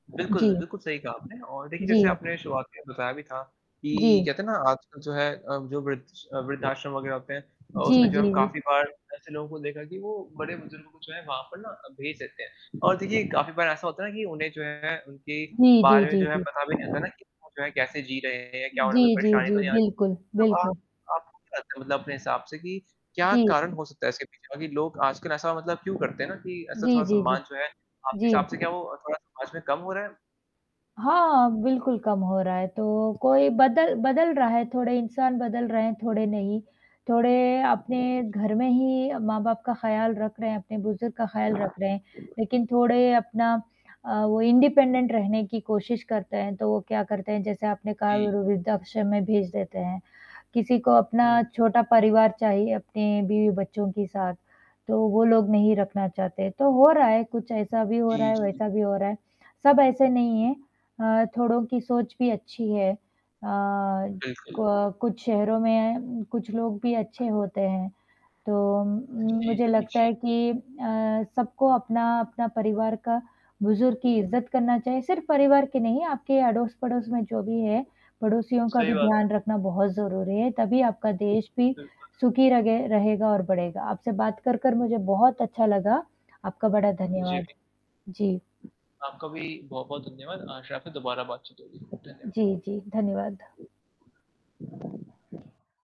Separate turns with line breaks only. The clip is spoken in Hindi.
बिल्कुल,
जी।
बिल्कुल सही कहा आपने और देखिए जैसे
जी।
आपने शुरुआत में बताया भी था, कि
जी।
कहते हैं ना आजकल जो है अ, जो वृद्ध स वृद्धाश्रम वगैरह होते हैं अ, उसमें
जी,
जो
जी,
है हम
जी।
काफ़ी बार ऐसे लोगों को देखा कि वो बड़े बुजुर्गों को जो है वहाँ पर ना भेज देते हैं। और देखिए, काफ़ी बार ऐसा होता है ना कि उन्हें जो है उनके
जी, जी,
बारे में
जी,
जो है
जी।
पता भी नहीं रहता ना कि वो जो हैं कैसे जी रहे हैं या क्या उन्हे कोई
जी, जी,
परेशानी तो
जी,
आती।
बिल्कुल,
तो आप
बिल्कुल।
आप [unintelligible] मतलब अपने हिसाब से कि, क्या
जी।
कारण हो सकता है इसके पीछे? सभी लोग आजकल ऐसा मतलब क्यों करते हैं ना, कि ऐसा
जी,
थोड़ा
जी, जी।
सम्मान जो है आपके
जी।
हिसाब से क्या वो थोड़ा समाज में कम हो रहा है?
हाँ, बिल्कुल कम हो रहा है, तो कोई बदल बदल रहा है थोड़े इंसान बदल रहे हैं, थोड़े नहीं। थोड़े अपने
जी।
घर में ही अ, माँ-बाप का ख़्याल रख रहे हैं, अपने बुज़ुर्ग का ख़्याल रख रहे हैं, लेकिन थोड़े अपना अ, वो इंडिपेंडेंट रहने की कोशिश करते हैं, तो वो क्या करते हैं जैसे आपने कहा वे
जी।
व वृद्धाश्रम में भेज देते हैं। किसी को
हुँ।
अपना छोटा परिवार चाहिए, अपने बीवी-बच्चों के साथ, तो वो लोग नहीं रखना चाहते, तो हो रहा है कुछ ऐसा भी हो रहा
जी,
है,
जी।
वैसा भी हो रहा है, सब ऐसे नहीं है अ, थोड़ों की सोच भी अच्छी है। अ,
बिल्कुल।
को कुछ शहरों में अ, कुछ लोग भी अच्छे होते हैं, तो उम उम,
जी,
मुझे
जी,
लगता
जी।
है कि अ, सबको अपना-अपना परिवार का बुज़ुर्ग की इज़्ज़त करना चाहिए सिर्फ़ परिवार के नहीं आपके अड़ोस-पड़ोस में जो भी है, पड़ोसियों का
सही
भी
बात है।
ध्यान रखना बहुत ज़रूरी है तभी आपका देश भी
बिल्कुल।
सुखी रगे रहेगा और बढ़ेगा। आपसे बात कर-कर मुझे बहुत अच्छा लगा, आपका बड़ा
जी,
धन्यवाद,
जी।
जी।
आपका भी बहुत-बहुत धन्यवाद, आशा है आपसे दोबारा बातचीत होगी, धन्यवाद।
जी, जी, धन्यवाद।